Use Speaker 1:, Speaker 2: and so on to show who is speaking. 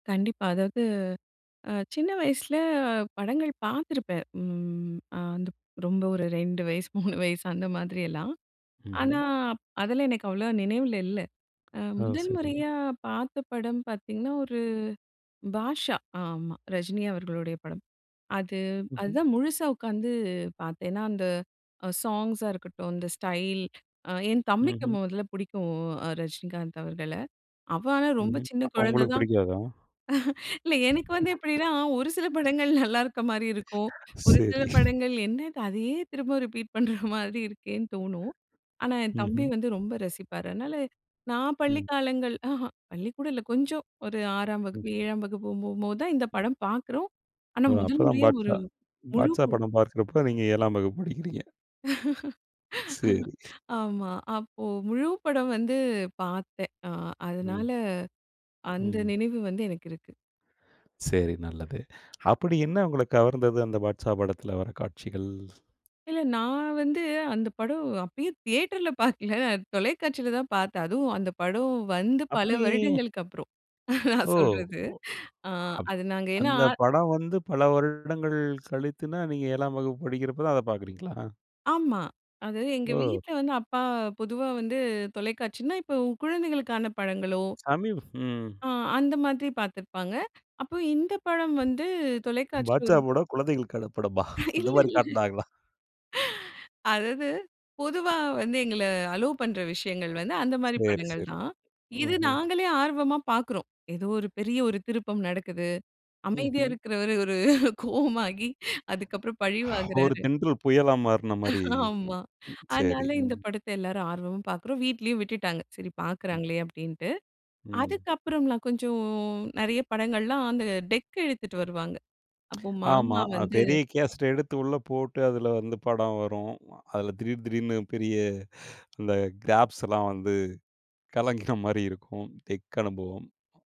Speaker 1: கண்டிப்பா அதாவது அ சின்ன வயசில படங்கள் பார்த்திருப்பேன், ம், அ ரொம்ப ஒரு 2 வயசு 3 வயசு அந்தமாதிரியெல்லாம். ஆனா,
Speaker 2: ம்ஹ்ம்.
Speaker 1: அப் அதெல்லாம் எனக்கு அவ்வளவா நினைவில இல்ல. அ
Speaker 2: ஆ
Speaker 1: முதல்
Speaker 2: சரி.
Speaker 1: முறையா பார்த்த படம் பார்த்தீங்கன்னா, ஒரு பாஷா ஆமா, ரஜினி அவர்களுடைய படம். அது
Speaker 2: ம்ஹ்ம்.
Speaker 1: அதுதான் முழுசா உட்காந்து பார்த்தேன். ஏன்னா, அந்த சாங்ஸா இருக்கட்டும், இந்த ஸ்டைல். அ என் தம்பிக்கு
Speaker 2: ம்ஹ்ம்.
Speaker 1: மொதல்ல புடிக்கும் அ ரஜினிகாந்த் அவர்கள. அவன் ஆனா ரொம்ப
Speaker 2: ம்ஹ்ம்.
Speaker 1: சின்ன
Speaker 2: அப்ப
Speaker 1: குழந்தை
Speaker 2: உங்களுக்கு
Speaker 1: தான்
Speaker 2: பிடிக்காதா?
Speaker 1: இல்ல எனக்கு வந்து எப்படின்னா, ஒரு சில படங்கள் நல்லா இருக்க மாதிரி இருக்கும். ஒரு சில
Speaker 2: சரி.
Speaker 1: படங்கள் என்னது அதையே திரும்ப ரிப்பீட் பண்ற மாதிரி இருக்கேன்னு தோணும். ஆனா என் தம்பி
Speaker 2: ம்ஹ்ம்.
Speaker 1: வந்து ரொம்ப ரசிப்பார். அதனால நான் பள்ளி
Speaker 2: ம்.
Speaker 1: காலங்கள் அஹ பள்ளிக்கூடம் இல்லை கொஞ்சம் ஒரு 6ம்
Speaker 2: ம்.
Speaker 1: வகுப்பு, 7ம் வகுப்பு போகும்போது தான் இந்த படம் பார்க்கிறோம். ஆனா
Speaker 2: ஓ,
Speaker 1: முதல்
Speaker 2: அப்போதான்
Speaker 1: முறையா ஒரு
Speaker 2: பாட்ஷா பாட்ஷா
Speaker 1: முழுக்குள்
Speaker 2: படம் பார்க்கிறப்போ நீங்க 7ம் வகுப்பு படிக்கிறீங்க. சரி.
Speaker 1: ஆமா. அப்போ முழு படம் வந்து பார்த்தேன். அ
Speaker 2: ம்.
Speaker 1: அதனால அந்த
Speaker 2: ம்.
Speaker 1: நினைவு வந்து எனக்கு இருக்கு.
Speaker 2: சரி நல்லது. அப்படி என்ன உங்கள கவர்ந்தது அந்த பாட்ஷா படத்தில வர்ற காட்சிகள்?
Speaker 1: இல்ல நான் வந்து அந்த படம் அப்பயும் தியேட்டர்ல பாக்கல, தொலைக்காட்சில தான் பாத்தேன், அதுவும் அந்த படம் வந்து பல
Speaker 2: அப்படி
Speaker 1: வருடங்களுக்கு அப்புறம் நான்
Speaker 2: ஓ!
Speaker 1: சொல்றது.
Speaker 2: ஒ. அப்
Speaker 1: அது நாங்க ஏன்னா
Speaker 2: அந்த படம் வந்து பல வருடங்கள் கழித்துனா, நீங்க 7ம் வகுப்பு படிக்கிறப்ப தான் அதை பார்க்கிறீங்களா?
Speaker 1: ஆமா, அது எங்க
Speaker 2: ஓ!
Speaker 1: வீட்ல வந்து அப்பா பொதுவா வந்து தொலைக்காட்சின்னா, இப்போ குழந்தைகளுக்கான படங்களோ
Speaker 2: சமீப் ம்.
Speaker 1: ஆ, அந்த மாதிரி பார்த்திருப்பாங்க. அப்போ இந்த படம் வந்து தொலைக்காட்சியில்
Speaker 2: பாட்ஷா
Speaker 1: ஒரு
Speaker 2: படம் குழந்தைகளுக்கான படமா? அந்த
Speaker 1: இல்ல,
Speaker 2: மாதிரி
Speaker 1: இல்ல.
Speaker 2: காட்டினாங்களா.
Speaker 1: அதாவது பொதுவா வந்து எங்கள அலோவ் பண்ணுற விஷயங்கள் வந்து, அந்த மாதிரி
Speaker 2: சரி,
Speaker 1: படங்கள்
Speaker 2: சரி.
Speaker 1: தான். இது
Speaker 2: ம்ஹ்ம்.
Speaker 1: நாங்களே ஆர்வமா பார்க்கிறோம். ஏதோ ஒரு பெரிய ஒரு திருப்பம் நடக்குது. அமைதியா
Speaker 2: ம்ஹ்ம்.
Speaker 1: இருக்கிறவர் ஒரு கோவமாகி அதுக்கப்புறம் பழி
Speaker 2: ஒரு
Speaker 1: வாங்குறாரு.
Speaker 2: தென்றல் புயலா மாறுன மாரி,
Speaker 1: ஆமா.
Speaker 2: சரி.
Speaker 1: அதனால இந்த
Speaker 2: ம்.
Speaker 1: படத்தை எல்லாரும் ஆர்வமா பார்க்கிறோம். வீட்டிலேயும் விட்டுட்டாங்க, சரி
Speaker 2: ம்.
Speaker 1: பார்க்கிறாங்களே அப்படின்ட்டு.
Speaker 2: ம்.
Speaker 1: அதுக்கு அப்புறம்லா கொஞ்சம் நிறைய படங்கள்லாம் அந்த டெக் எடுத்துட்டு வருவாங்க. அப்போ
Speaker 2: ஆமா.
Speaker 1: மாமா
Speaker 2: அது
Speaker 1: வந்து
Speaker 2: பெரிய கேஸட்டை எடுத்து உள்ள போட்டு அதில வந்து படம் வரும். அதில திடீர் திடீர்னு பெரிய அந்த கிராப்ஸ் எல்லாம் வந்து கலங்கின மாரி இருக்கும், டெக் அனுபவம்.